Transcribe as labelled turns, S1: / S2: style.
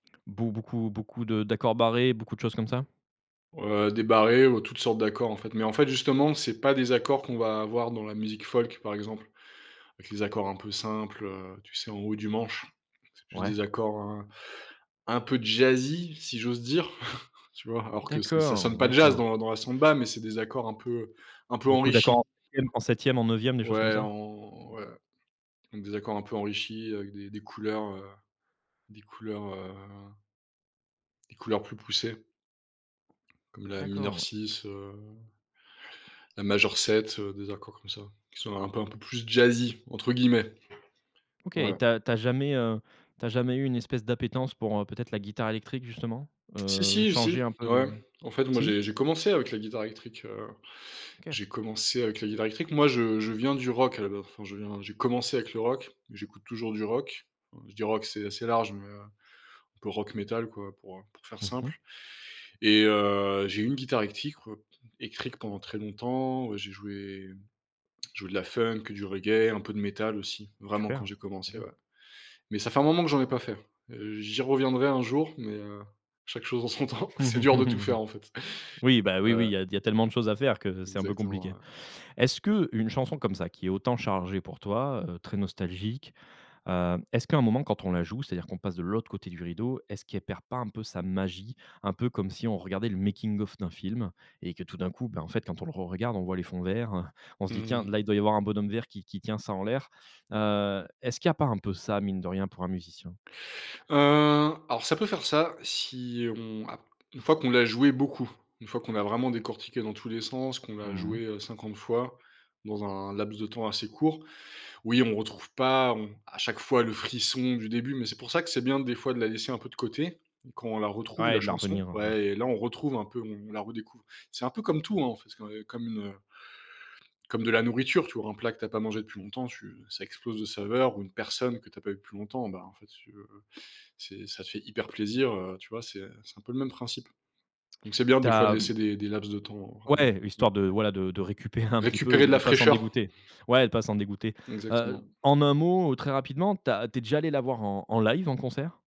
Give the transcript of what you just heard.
S1: Beau beaucoup beaucoup de d'accords barrés, beaucoup de choses comme ça?
S2: Heu, des barrés ou toutes sortes d'accords, en fait. Mais en fait, c'est pas des accords qu'on va avoir dans la musique folk, par exemple, avec les accords un peu simples, heu, tu sais, en haut du manche? C'est plus
S1: Ouais.
S2: des accords, hein, un peu jazzy si j'ose dire, tu vois? Alors que c'est ça sonne
S1: D'accord,
S2: pas jazz
S1: d'accord.
S2: dans dans la samba, mais c'est des accords un peu, un peu
S1: Beaucoup d'accord en
S2: enrichis.
S1: [unintelligible] en 7e, en 9e, des choses comme
S2: Ouais,
S1: ça?
S2: en ouais. Mmh, des accords un peu enrichis avec des des couleurs, heu, des couleurs, heu, des couleurs plus poussées comme la mineur
S1: D'accord.
S2: 6, heu, la majeure 7, heu, des accords comme ça, qui sont un peu un peu plus «jazzy» entre guillemets.
S1: OK et
S2: Ouais.
S1: tu as tu as jamais, heu, tu as jamais eu une espèce d'appétence pour, heu, peut-être la guitare électrique justement,
S2: Si
S1: heu,
S2: si,
S1: changer
S2: si,
S1: un peu
S2: ouais.
S1: du
S2: En fait, moi,
S1: si?
S2: j'ai j'ai commencé avec la guitare électrique, heu,
S1: OK.
S2: j'ai commencé avec la guitare électrique. Moi, je je viens du rock à la ba enfin je viens, j'ai commencé avec le rock, j'écoute toujours du rock. Je dis rock, c'est assez large, mais heu, un peu rock métal, quoi, pour, heu, pour faire
S1: Mmh mh.
S2: simple et heu, j'ai eu une guitare électrique- électrique pendant très longtemps, heu, j'ai joué, joué de la funk, du reggae, un peu de métal aussi, vraiment quand
S1: Super.
S2: j'ai commencé
S1: OK.
S2: ouais. Mais ça fait un moment que j'en ai pas fait. J'y reviendrai un jour, mais heu, chaque chose en son temps. C'est dur de tout faire, en fait,
S1: Oui, bah oui, oui,
S2: ouais.
S1: il y a t il y a tellement de choses à faire que c'est un peu
S2: Exactement,
S1: compliqué.
S2: ouais.
S1: Est-ce que une chanson comme ça qui est autant chargée pour toi, heu, très nostalgique, heu, est-ce qu'à un moment quand on la joue, c'est-à-dire qu'on passe de l'autre côté du rideau, est-ce qu'elle perd pas un peu sa magie, un peu comme si on regardait le making-of d'un film et que tout d'un coup, ben en fait, quand on le re-regarde on voit les fonds verts, on se dit: «Tiens,
S2: Mmh.
S1: là il doit y avoir un bonhomme vert qui qui tient ça en l'air». Heu, est-ce qu'il y a pas un peu ça mine de rien pour un musicien?
S2: Heu alors, ça peut faire ça si on a une fois que l'on l'a joué beaucoup, une fois que l'on a vraiment décortiqué dans tous les sens, que on l'a
S1: Mmh mh.
S2: joué 50 fois dans un laps de temps assez court. Oui, on ne retrouve pas on à chaque fois le frisson du début, mais c'est pour ça que c'est bien des fois de la laisser un peu de côté quand on la retrouve
S1: Ouais
S2: la
S1: de la
S2: chanson.
S1: revenir, o ouais.
S2: Ouais et là, on retrouve un peu, on la redécouvre. C'est un peu comme tout, hein, en fait, c'est comme une, heu, comme de la nourriture, tu vois? Un plat que tu as pas mangé depuis longtemps, tu ça explose de saveur, ou une personne que tu as pas eu plus longtemps, ben, en fait, si tu veux, c'est ça fait hyper plaisir, heu, tu vois, c'est c'est un peu le même principe. Donc c'est bien
S1: Tu
S2: des fois de
S1: as
S2: laisser des des laps de temps
S1: Ouais
S2: [unintelligible]
S1: histoire de voilà de de récupérer un petit peu
S2: récupérer
S1: et
S2: de
S1: de
S2: la
S1: pas s'en
S2: fraîcheur.
S1: dégoûter ouais de pas s'en dégoûter. Heu,
S2: Exactement.
S1: en un mot très rapidement, tu as tu es déjà allé la voir en en live, en concert?